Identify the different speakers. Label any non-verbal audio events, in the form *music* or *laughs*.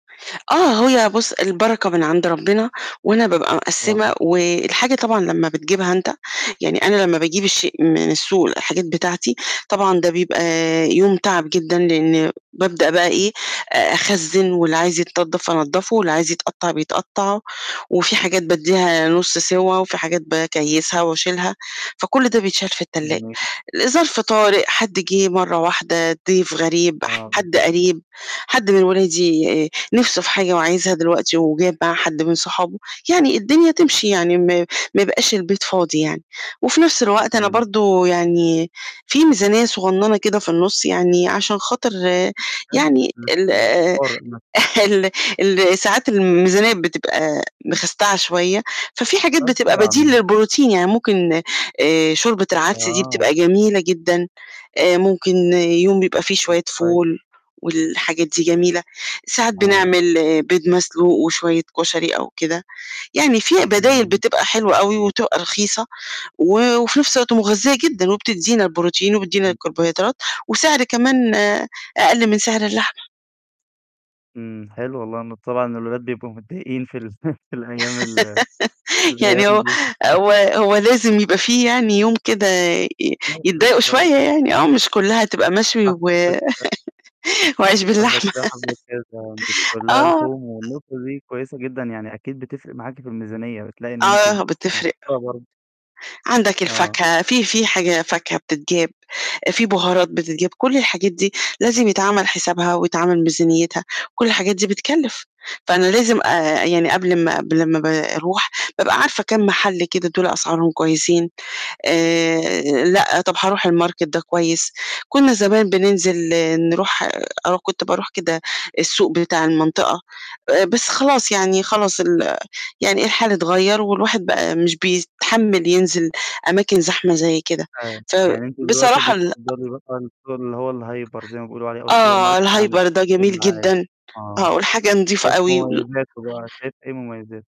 Speaker 1: آه، هي بُص البركة من عند ربنا وأنا بابقى
Speaker 2: طبعًا.
Speaker 1: مقسِّمة، والحاجة طبعًا لمّا بتجيبها أنت، يعني أنا لمّا باجيب الشيء من السوق الحاجات بتاعتي، طبعًا ده بيبقى يوم تعب جدًا لأن بابدأ بقى إيه
Speaker 2: امم.
Speaker 1: أ أخزن، واللي عايز يتنضف أنضفه، واللي عايز يتقطع بيتقطع، وفي حاجات بادّيها نص سوى، وفي حاجات باكيّسها وأشيلها، فكل ده بيتشال في التلاجة.
Speaker 2: جميل.
Speaker 1: لظرف طارئ، حد جه مرّة واحدة، ضيف غريب،
Speaker 2: آه،
Speaker 1: حد
Speaker 2: بالضبط.
Speaker 1: قريب، حد من ولادي آآ نِفسه في حاجة وعايزها دلوقتي وجاب معاه حد من صحابه، يعني الدنيا تمشي يعني م ما يبقاش البيت فاضي يعني. وفي نفس الوقت أنا
Speaker 2: امم.
Speaker 1: برضه يعني في ميزانية صغننة كده في النص يعني عشان خاطر
Speaker 2: حلو
Speaker 1: يعني ال
Speaker 2: *unintelligible*
Speaker 1: *chuckles* ال ال ساعات الميزانية بتبقى مخستعة شوية، ففي حاجات
Speaker 2: آه
Speaker 1: بتبقى
Speaker 2: طبعًا.
Speaker 1: بديل للprotien يعني ممكن آآ شوربة العدس دي
Speaker 2: آه.
Speaker 1: بتبقى جميلة جدًا، آآ ممكن يوم بيبقى في
Speaker 2: امم،
Speaker 1: شوية
Speaker 2: كويس.
Speaker 1: فول، والحاجات دي جميلة. ساعات
Speaker 2: آه.
Speaker 1: بنعمل بيض مسلوق وشوية كشري أو كده، يعني في بدايل
Speaker 2: امم.
Speaker 1: بتبقى حلوة أوي وتبقى رخيصة، و وفي نفس الوقت مغذية جدًا وبتدينا الprotien وبتدينا
Speaker 2: امم.
Speaker 1: الكربوهيدرات، وسعر كمان أقل من سعر اللحمة.
Speaker 2: إمم، حلو والله، لأن طبعًا الولاد بيبقوا متضايقين في ال *chuckles* في الأيام ال في
Speaker 1: *laughs* يعني
Speaker 2: الأيام
Speaker 1: هو
Speaker 2: دي. *chuckles*
Speaker 1: هو هو لازم يبقى في يعني يوم كده ي
Speaker 2: *unintelligible*
Speaker 1: يتضايقوا
Speaker 2: بالضبط.
Speaker 1: شوية يعني، آه مش كلّها هتبقى مشوي
Speaker 2: صح،
Speaker 1: و
Speaker 2: حبة كده.
Speaker 1: وعيش
Speaker 2: حبة
Speaker 1: باللحمة!
Speaker 2: كده وحبة كده مش
Speaker 1: *laughs*
Speaker 2: كلّها
Speaker 1: آه. *unintelligible*
Speaker 2: لحوم، والنقطة دي كويسة جدًا يعني، أكيد بتفرق معاكِ في الميزانية، بتلاقي إن أنتِ م
Speaker 1: آه بتفرق.
Speaker 2: موفَرة برضه.
Speaker 1: عندك
Speaker 2: آه.
Speaker 1: الفاكهة، في في حاجة فاكهة بتتجاب، في بهارات بتتجاب، كُل الحاجات دي لازم يتعمل حسابها ويتعمل ميزانيتها، وكُل الحاجات دي بتكلِّف. فأنا لازم أ يعني قبل ما قبل ما ب باروح، بابقى عارفة كام محل كده دُولَة أسعارهم كويسين، آآ لأ، طب هاروح الmarket ده كويس. كنا زمان بننزل نروح أنا كنت باروح كده السوق بتاع المنطقة، آآ بس خلاص يعني خلاص ال يعني الحال اتغير والواحد بقى مش بيتحمل ينزل أماكن زحمة زي كده.
Speaker 2: آه. يعني أنتِ دلوقتي
Speaker 1: فبصراحة ال أ
Speaker 2: بتِفضّلي *unintelligible* السوق اللي هو الhyper زي ما بيقولوا عليه أو
Speaker 1: آه
Speaker 2: الsupermarket عن
Speaker 1: الhyper ده
Speaker 2: السوق
Speaker 1: جميل
Speaker 2: العادي؟
Speaker 1: جدًا.
Speaker 2: آه،
Speaker 1: آه، والحاجة نضيفة
Speaker 2: *unintelligible*
Speaker 1: أوي. وال
Speaker 2: مميزاته بقى، شايفه إيه مميزاته؟